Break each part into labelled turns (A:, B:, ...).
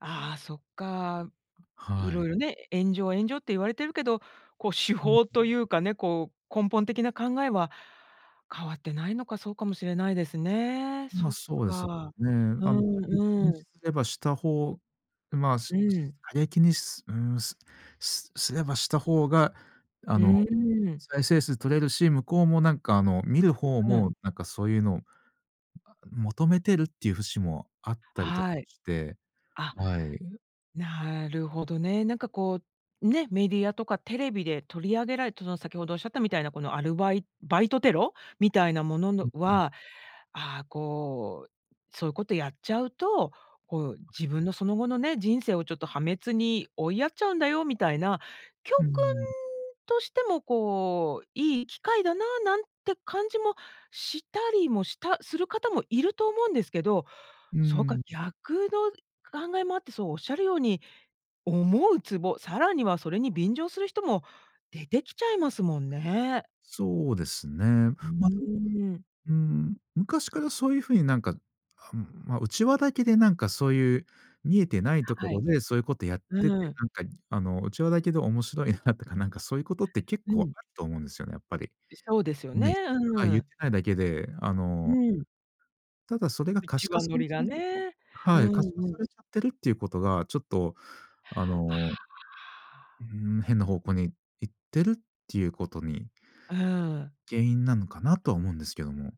A: ああ、そっか。
B: は
A: 色
B: い。
A: 々ね、炎上炎上って言われてるけど、こう手
B: うん。
A: 法というかね、こう、根本的な考えは変わってないのか。そうかもしれないですね。
B: ま、
A: そっ
B: そうですよ
A: か。
B: ね。
A: う
B: あの、過激
A: ん
B: に
A: うん。
B: すればした方まあす、
A: うん。
B: す過激にすうーん、すすすればした方が、あ
A: う
B: の、
A: ーん。
B: 再生数取れるし、向こうもなんかあの、見る方
A: うんうん。
B: も、なんかそういうのを、あ、求めてるっていう節もあったりとか
A: はい。
B: して、
A: あ、
B: はい。
A: なるほどね。なんかこう、ね、メディアとかテレビで取り上げられた、その先ほど仰ったみたいなこのアルバイバイトテロ？みたいなもの
B: う
A: の
B: ん、うん。
A: は、ああこう、そういうことやっちゃうと、こう、
B: はい。
A: 自分のその後のね、人生をちょっと破滅に追いやっちゃうんだよみたいな、教
B: うー
A: 訓
B: ん。
A: としてもこう、いい機会だな、なんて感じもしたりもしたする方もいると思うんですけど、
B: うー
A: そうか、
B: ん。
A: 逆の考えもあって、そう仰るように、思うツボ、さらにはそれに便乗する人も出てきちゃいますもんね。
B: そうですね。
A: うー
B: ま、で
A: ん。
B: うーん、昔からそういう風になんか、あ、ま、内輪だけでなんかそういう、見えてないとこ
A: は
B: ろ
A: い。
B: でそういうことやってて、
A: うん。
B: なんかあの、内輪だけで面白いなとか、なんかそういうことって結
A: う
B: 構
A: ん。
B: あると思うんですよね、やっぱり。
A: いそうですよね、
B: ないはい、
A: う
B: 言っ
A: ん。
B: てないだけで、あ
A: う
B: の
A: ん。
B: ただそれが可
A: 内
B: 視化
A: 輪
B: さ
A: ノ
B: れ
A: リ
B: ち
A: が
B: ゃう
A: ね。う
B: はい、
A: ん
B: 可視化
A: う
B: さ
A: ん。
B: れちゃってるっていうことが、ちょっと、あ
A: あ
B: のう
A: あ。
B: ん、変な方向に行ってるっていうことに
A: うん。
B: 原因なのかな、とは思うんですけども。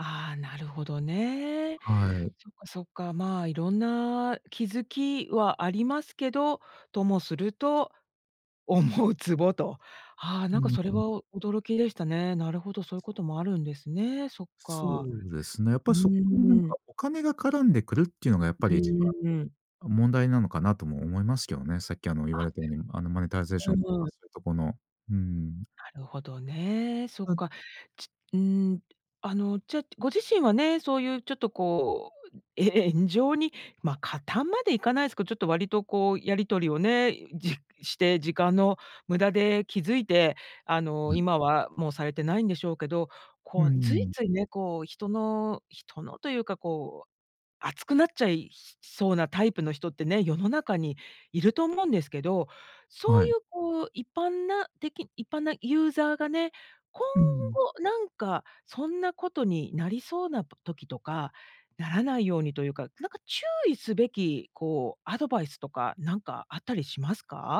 A: ああ、なるほどね。
B: はい。
A: そっかそっか。まあ、色んな気付きはありますけど、ともすると、思うツボと。ああ、
B: う
A: なんか
B: ん
A: それ
B: うん。
A: は、驚きでしたね。なるほど、そういうこともあるんですね。そっ
B: そ
A: か。
B: うですね。やっ
A: う
B: ぱ、そこになん
A: ー
B: か、
A: ん。
B: お金が絡んでくるっていうのが、やっぱ
A: う
B: り一
A: ーん。
B: 番問題なのかなとも思いますけどね。さっきあの言わ
A: あ
B: れたように、あのマネタイゼーシ
A: う
B: ョンとか
A: ん。
B: そういうとこの、うん。
A: なるほどね、そっ
B: うん。
A: か。ちうん。あの、じゃ、ご自身はね、そういうちょっとこう、え炎上に、ま、加担までいかないすけど、ちょっと割とこう、やり取りをね、じして、時間の無駄で、気付いて、あの、
B: はい。
A: 今はもうされてないんでしょうけど、
B: うー
A: こうつい
B: ん。
A: ついね、こう人の人のというかこう、熱くなっちゃいそうなタイプの人ってね、世の中にいると思うんですけど、そう
B: はい。
A: いうこう、一般な、的一般なユーザーがね、今
B: うん。
A: 後なんか、そんなことになりそうなば、時とか、ならないようにというか、なんか注意すべき、こうアドバイスとか、なんかあったりしますか？